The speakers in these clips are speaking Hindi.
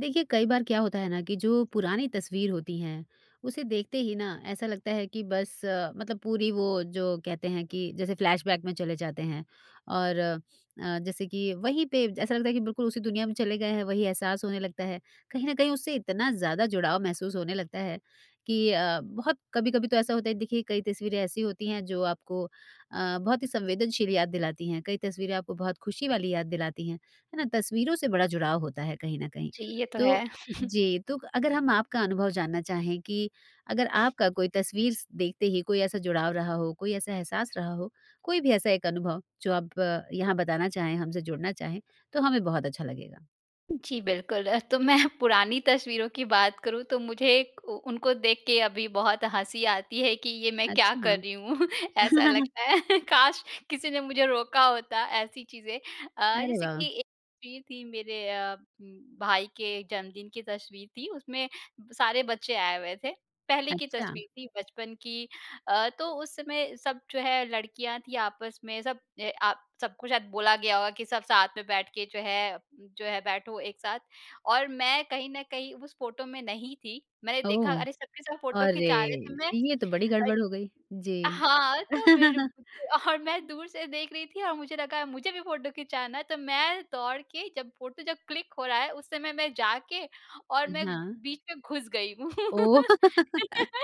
देखिए, कई बार क्या होता है ना कि जो पुरानी तस्वीर होती है, उसे देखते ही ना ऐसा लगता है कि बस मतलब पूरी वो जो कहते हैं कि जैसे फ्लैशबैक में चले जाते हैं। और अ, जैसे कि वहीं पे जैसा लगता है कि बिल्कुल उसी दुनिया में चले गए हैं, वही एहसास होने लगता है। कहीं न कहीं उससे इतना ज़्यादा जुड़ाव महसूस होने लगता है, कि अ, बहुत कभी-कभी तो ऐसा होता है देखिए, कई तस्वीरें ऐसी होती हैं जो आपको अ, बहुत ही संवेदनशील याद दिलाती हैं, कई तस्वीरें आपको बहुत खुशी वाली याद दिलाती हैं। है ना? तस्वीरों से बड़ा जुड़ाव होता है कहीं न कहीं। जी, ये तो तो है। जी, तो क अगर हम आपका अनुभव जानना चाहें कि अगर आपका कोई तस्वीर स देखते ही कोई ऐसा जुड़ाव रहा हो, कोई ऐसा एहसास रहा हो, कोई भी ऐसा एक अनुभव जो आप यहाँ बताना चाहें हमसे जुड़ना चाहें, तो हमें बहुत अच्छा लगेगा। जी, बिल्कुल। तो मैं पुरानी तस्वीरों की बात करूँ तो मुझे एक उ उनको देख के अभी बहुत हँसी आती है कि ये मैं क्या अच्छा। कर रही हूँ। ऐसा लगता है काश! किसी ने मुझे रोका होता ऐसी चीज़ें अ, अरे जैसे वाह! कि एक वीर थी मेरे अ, उम, भाई के जन्मदिन की तस्वीर थी, उसमें ब सारे बच्चे आए हुए थे। पहले की अच्छा। तस्वीर थी बचपन की अ, तो उस समय सब जो है लड़कियाँ थीं। आपस में सब ए अ, सबको शायद बोला गया होगा कि सब साथ में बैठ के जो है जो है बैठो एक साथ और मैं कहीं न कहीं उस फ़ोटो में नहीं थी। मैंने देखा ओह, अरे! सब के सब फ़ोटो अरे! खींचा रहे हैं तो मैं ये तो बड़ी अत गड़बड़ हो गई। जी। हाँ, तो फिर [unintelligible] और मैं दूर से देख रही थी और मुझे लगा मुझे भी फ़ोटो खिंचाना है तो मैं दौड़ के जब फ़ोटो जब क्लिक हो रहा है, उस समय मैं जाके और अ, मैं हाँ। बीच में घुस गई। ओह!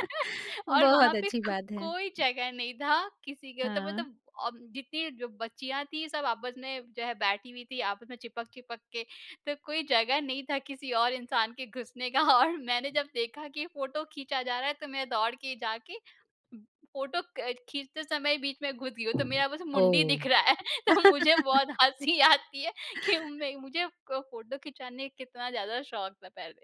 और बहुत वहाँ पे अच्छी क बात है। कोई जगह नहीं था किसी के तो हाँ। मतलब अ, जितनी जो बच्चियाँ थीं, सब आपस में जो है बैठी हुई थीं, आपस में चिपक-चिपक के। तो कोई जगह नहीं था किसी और इंसान के घुसने का और मैंने जब देखा कि फ़ोटो खींचा जा रहा है तो मैं दौड़ के जाके फ़ोटो क खींचते समय बीच में घुस गई हूँ तो मेरा बस मुंडी ओह! दिख रहा है। तो मुझे बहुत हँसी आती है कि नहीं, मुझे क फ़ोटो खिंचाने कितना ज़्यादा शौक था पहले।